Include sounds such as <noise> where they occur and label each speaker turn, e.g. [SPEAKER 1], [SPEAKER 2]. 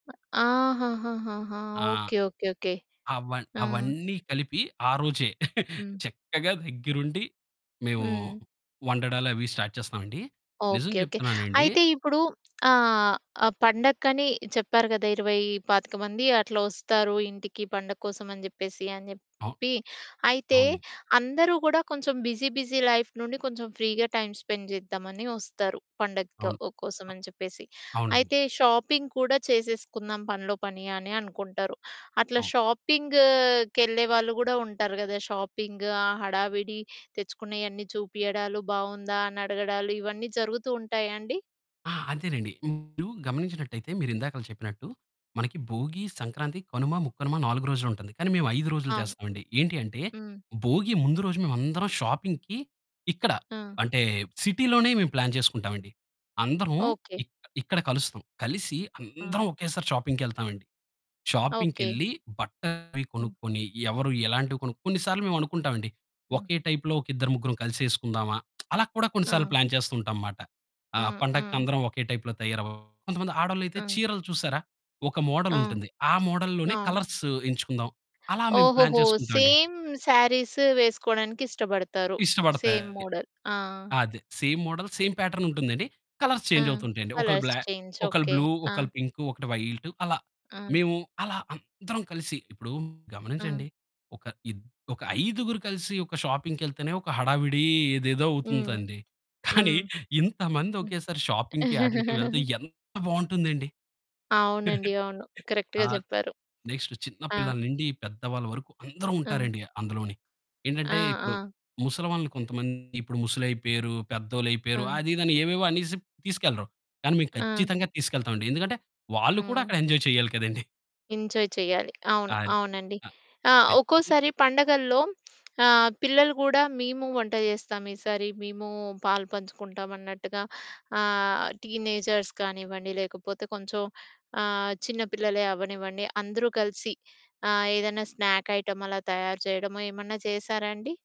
[SPEAKER 1] అ! ఆహాహాహాహా!
[SPEAKER 2] ఆ!
[SPEAKER 1] Okay, okay, okay.
[SPEAKER 2] అవ
[SPEAKER 1] ఆ!
[SPEAKER 2] అవన్నీ కలిపి ఆ రోజే <giggles>
[SPEAKER 1] హ్మ్.
[SPEAKER 2] చక్కగా దగ్గరుండి మేము,
[SPEAKER 1] హ్మ్.
[SPEAKER 2] వండడాలవి స్టార్ట్ చేస్తామండి. నిజం
[SPEAKER 1] ఓకె, ఓకె.
[SPEAKER 2] చెప్తున్నానండి.
[SPEAKER 1] అయితే ఇప్పుడు ఆహ్, ఆ పండగకని చెప్పారు కదా! 20, 25 మంది అట్లా వస్తారు ఇంటికి పండగ కోసం అని చెప్పేసి అని చెప్పి.
[SPEAKER 2] ఆహ్,
[SPEAKER 1] అయితే
[SPEAKER 2] అవునండి.
[SPEAKER 1] అందరూ కూడా కొంచెం బిజీ బిజీ లైఫ్ నుండి కొంచెం ఫ్రీగా టైమ్ స్పెండ్ చేద్దాం అని వస్తారు. పండగక్క
[SPEAKER 2] అవును.
[SPEAKER 1] ఆహ్, కోసం
[SPEAKER 2] అ
[SPEAKER 1] అని చెప్పేసి,
[SPEAKER 2] అవునండి.
[SPEAKER 1] అయితే షాపింగ్ కూడా చేసేసుకుందాం పనిలో పని అని అనుకుంటారు అట్లా
[SPEAKER 2] అవును.
[SPEAKER 1] షాపింగ్‌‌ కెళ్ళే వాళ్ళు గూడా ఉంటారు గదా! షాపింగ్ ఆ హడావిడి తెచ్చుకున్నయ్యన్నీ చూపియడాలు బాగుందా అని అడగడాలు. ఇవన్నీ జరుగుతూ ఉంటాయా అండి?
[SPEAKER 2] ఆ! అంతేనండి మీరు గమనించినట్టయితే మీరు ఇందాక చెప్పినట్టు మనకి భోగి, సంక్రాంతి, కనుమ, ముక్కనుమ 4 రోజులు ఉంటుంది కానీ మేము 5 రోజులు
[SPEAKER 1] అవును.
[SPEAKER 2] చేస్తామండి. ఏంటి అంటే,
[SPEAKER 1] హ్మ్.
[SPEAKER 2] భోగి ముందు రోజు మేము అందరం షాపింగ్‌కి ఇక్కడ
[SPEAKER 1] ఆ!
[SPEAKER 2] అంటే, సిటీ లోనే మేము ప్లాన్ చేసుకుంటాం అండి. అందరం
[SPEAKER 1] ఓకె.
[SPEAKER 2] ఇక ఇక్కడ కలుస్తాం. కలిసి
[SPEAKER 1] ఆ!
[SPEAKER 2] అందరం ఒకేసారి షాపింగ్‌కెళ్తాం అండి.
[SPEAKER 1] ఓకె.
[SPEAKER 2] షాపింగ్‌కెళ్లి బట్టలయి
[SPEAKER 1] హ్మ్.
[SPEAKER 2] కొనుక్కొని, ఎవరు ఎలాంటివి కొన్ కొన్ని సార్లు మేము అనుకుంటాం అండి,
[SPEAKER 1] ఆ!
[SPEAKER 2] ఓకె టైప్‌లో ఒక ఇద్దరు, ముగ్గురు కలిసేసుకుందామా? <smacks lips> అలా కూడా కొన్నిసార్లు
[SPEAKER 1] ఆ!
[SPEAKER 2] ప్లాన్ చేస్తూ ఉంటాంమాట. ఆ
[SPEAKER 1] ఆ!
[SPEAKER 2] పండగకి
[SPEAKER 1] ఆ!
[SPEAKER 2] అందరం ఓకె టైప్‌లో తయారవ్వడం, కొంతమంది ఆడోళ్లైతే
[SPEAKER 1] ఆ!
[SPEAKER 2] చీరలు చూసారా! ఒక మోడల్
[SPEAKER 1] ఆ!
[SPEAKER 2] ఉంటుంది. ఆ మోడల్ లోనే
[SPEAKER 1] అవును.
[SPEAKER 2] కలర్స్ ఎంచుకుందాం. అలా మేము ప్లాన్
[SPEAKER 1] ఓహోహో!
[SPEAKER 2] చేసుకుంటాం అండి.
[SPEAKER 1] సేమ్ సారీస్ వేసుకోవడానికి ఇష్టపడతారు సేమ్
[SPEAKER 2] ఇష్టపడతాయి.
[SPEAKER 1] మోడల్. ఆ!
[SPEAKER 2] అదే సేమ్ మోడల్, సేమ్ ప్యాటర్న్ ఉంటుందండి కలర్స్
[SPEAKER 1] ఆ!
[SPEAKER 2] చేంజ్ అవుతూ ఉంటాయండి ఒకళ్ళు
[SPEAKER 1] కలర్స్
[SPEAKER 2] బ్లా
[SPEAKER 1] చేంజ్.
[SPEAKER 2] ఒకళ్ళు
[SPEAKER 1] ఓకె.
[SPEAKER 2] బ్లూ,
[SPEAKER 1] ఆ!
[SPEAKER 2] ఒకళ్ళు పింకు, ఒకటి వైట్ అలా.
[SPEAKER 1] ఆ!
[SPEAKER 2] మేము అలా అందరం కలిసి ఇప్పుడు
[SPEAKER 1] ఆ!
[SPEAKER 2] గమనించండి ఒక ఇద్ ఒక ఐదుగురు కలిసి ఒక షాపింగ్‌కెళ్తేనే ఒక హడావిడి ఏదేదో
[SPEAKER 1] హ్మ్.
[SPEAKER 2] అవుతుందండి. కానీ
[SPEAKER 1] హ్మ్.
[SPEAKER 2] <giggles> ఇంతమంది
[SPEAKER 1] హ్మ్.
[SPEAKER 2] ఒకేసారి షాపింగ్‌కి ఆటిలకి వెళ్తే
[SPEAKER 1] <chuckles>
[SPEAKER 2] ఎంత బాగుంటుందండి.
[SPEAKER 1] అవునండి.
[SPEAKER 2] <giggles>
[SPEAKER 1] అవును. కరెక్ట్‌గా
[SPEAKER 2] ఆహ్,
[SPEAKER 1] చెప్పారు.
[SPEAKER 2] నెక్స్ట్ చిన్న
[SPEAKER 1] ఆ!
[SPEAKER 2] పిల్లల నుండి, పెద్దవాళ్ళ వరకు అందరూ
[SPEAKER 1] ఆ!
[SPEAKER 2] ఉంటారండి అందులోనె.
[SPEAKER 1] ఆ!
[SPEAKER 2] ఏంటంటే ఇప్పుడు
[SPEAKER 1] ఆ!
[SPEAKER 2] ముసలివాళ్లు కొంతమంది, ఇప్పుడు ముసలి అయిపోయారు, పెద్దోళ్ళు అయిపోయారు
[SPEAKER 1] ఆ!
[SPEAKER 2] అదిదని ఏవేవో అనేసి తీసుకెళ్లరు. కానీ మేము
[SPEAKER 1] ఆ!
[SPEAKER 2] ఖచ్చితంగా తీసుకెళ్తామండి ఎందుకంటే వాళ్ళు కూడా
[SPEAKER 1] హ్మ్.
[SPEAKER 2] అక్కడ ఎంజాయ్ చేయాలి కదండీ!
[SPEAKER 1] ఎంజాయ్ చేయాలి, అవును,
[SPEAKER 2] అది.
[SPEAKER 1] అవునండి.
[SPEAKER 2] అ
[SPEAKER 1] ఆ!
[SPEAKER 2] ఖచ్చితంగా.
[SPEAKER 1] ఒక్కోసారి పండగల్లో ఆహ్, పిల్లలు కూడా మేము వంట చేస్తాం ఈసారి, మేము పాలు పంచుకుంటాం అన్నట్టుగా ఆహ్, టీనేజర్స్ కానివ్వండి లేకపోతే కొంచెం ఆహ్, చిన్న పిల్లలే అవ్వనివ్వండి. అందరూ కలిసి ఆహ్, ఏదైనా స్నాక్ ఐటెమ్ అలా తయారు చేయడమో ఏమన్నా చేసారా అండి?